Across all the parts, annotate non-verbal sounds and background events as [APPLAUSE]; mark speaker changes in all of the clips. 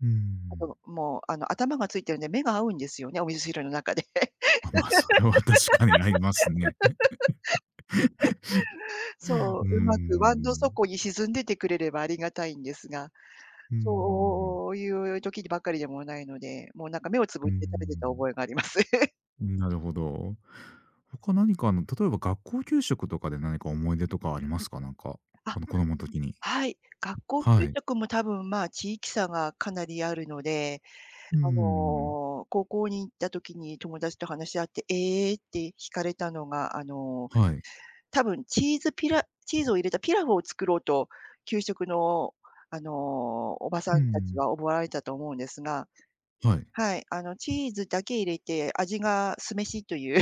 Speaker 1: う
Speaker 2: あとの、
Speaker 1: ん。
Speaker 2: もうあの頭がついてるんで、目が合うんですよね、お味噌汁の中で。[LAUGHS]
Speaker 1: あ、ま、それは確かにありますね。
Speaker 2: そ
Speaker 1: [CHUCKLES] う
Speaker 2: う、
Speaker 1: ー
Speaker 2: うまく椀の
Speaker 1: ん。
Speaker 2: 底に沈んでてくれればありがたいんですが、
Speaker 1: うんうんうん。
Speaker 2: そういう時にばっかりでもないので、もうなんか目をつ
Speaker 1: う
Speaker 2: ぶ
Speaker 1: ー
Speaker 2: って食べてた
Speaker 1: ん。
Speaker 2: 覚えがあります。[LAUGHS]
Speaker 1: うん、なるほど。他何かあの例えば学校給食とかで何か思い出とかありますか？なんか、
Speaker 2: あ、
Speaker 1: あの子供時に。
Speaker 2: はい、学校給
Speaker 1: はい。
Speaker 2: 食も多分、まあ、地域差がかなりあるので、
Speaker 1: う
Speaker 2: あ
Speaker 1: ん。
Speaker 2: の高校に行った時に友達と話し合って、ええって引かれたのが、あの、
Speaker 1: はい。
Speaker 2: 多分チーズピラチーズを入れたピラフを作ろうと給食のあのおばさん
Speaker 1: う
Speaker 2: たち
Speaker 1: ん。
Speaker 2: は思わられたと思うんですが、
Speaker 1: はい。
Speaker 2: はい、あのチーズだけ入れて味が酢飯という。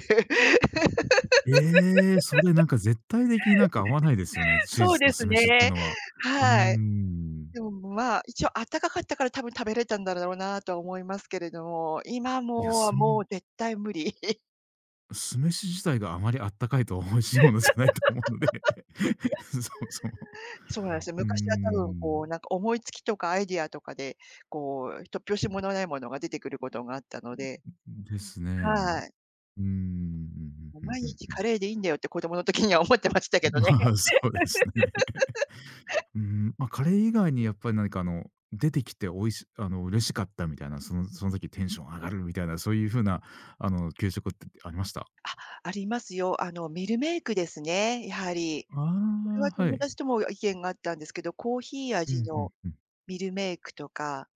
Speaker 1: ええ、それなんか絶対的になんか合わないですよね、
Speaker 2: [LAUGHS]
Speaker 1: チー
Speaker 2: そう
Speaker 1: ズ
Speaker 2: で
Speaker 1: と
Speaker 2: す
Speaker 1: 酢飯って
Speaker 2: ね、
Speaker 1: のは。うー
Speaker 2: はい。
Speaker 1: ん。
Speaker 2: でもまあ一応あったかかったから多分食べれたんだろうなとは思いますけれども、今
Speaker 1: や、
Speaker 2: もうは
Speaker 1: す
Speaker 2: も
Speaker 1: む
Speaker 2: う絶対無理。[LAUGHS]
Speaker 1: 酢飯自体があまりあったかいと美味しいものじゃないと思うので、そもそも。
Speaker 2: [LAUGHS] そうなんすよ、
Speaker 1: うー
Speaker 2: 昔はたぶんこ
Speaker 1: ん。
Speaker 2: うなんか思いつきとかアイデアとかで、こう突拍子ものないものが出てくることがあったの
Speaker 1: うん、
Speaker 2: で。
Speaker 1: うんん、ですね。
Speaker 2: はい。
Speaker 1: うーん、うんうん
Speaker 2: も、
Speaker 1: うん
Speaker 2: 毎
Speaker 1: うん
Speaker 2: 日
Speaker 1: うん。
Speaker 2: カレーでいいんだよって子どもの時には思ってましたけど
Speaker 1: ま
Speaker 2: ね。
Speaker 1: あ、そうですね。
Speaker 2: [LAUGHS]
Speaker 1: うーん、ま、カレー以外にやっぱり何かあの出てきて美味しあの、嬉しかったみたいな、そのその時テンション上がるみたいな、そういう風なあの給食ってありました？
Speaker 2: あ、ありますよ。あのミルメークですね、やはり。これは
Speaker 1: ああ、は
Speaker 2: 友
Speaker 1: い。
Speaker 2: 達とも意見が合ったんですけど、コーヒー
Speaker 1: う
Speaker 2: 味
Speaker 1: ん、ふん
Speaker 2: の
Speaker 1: ふん。
Speaker 2: ミルメークとか。